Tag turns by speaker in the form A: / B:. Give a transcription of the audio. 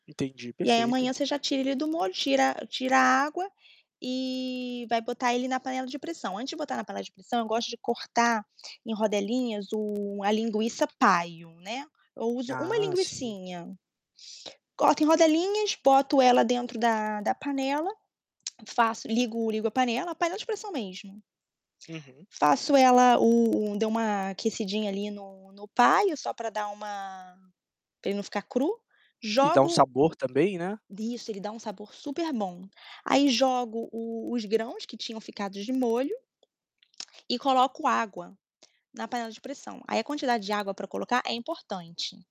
A: Entendi,
B: E aí,
A: perfeito.
B: amanhã, você já tira ele do molho, tira tira a água e vai botar ele na panela de pressão. Antes de botar na panela de pressão, eu gosto de cortar em rodelinhas o a linguiça-paio, né. Eu uso uma
A: Ah, sim.
B: linguicinha, coloco em rodelinhas, boto ela dentro da da panela, faço, ligo ligo a panela, panela de pressão mesmo.
A: Uhum.
B: Faço ela o o dei uma aquecidinha ali no no paio só para dar uma para ele não ficar cru,
A: E dá um
B: jogo
A: sabor, também, né?
B: Isso, ele dá um sabor superbom. Aí jogo o os grãos que tinham ficado de molho e coloco água na panela de pressão, aí a quantidade de água pra colocar é importante.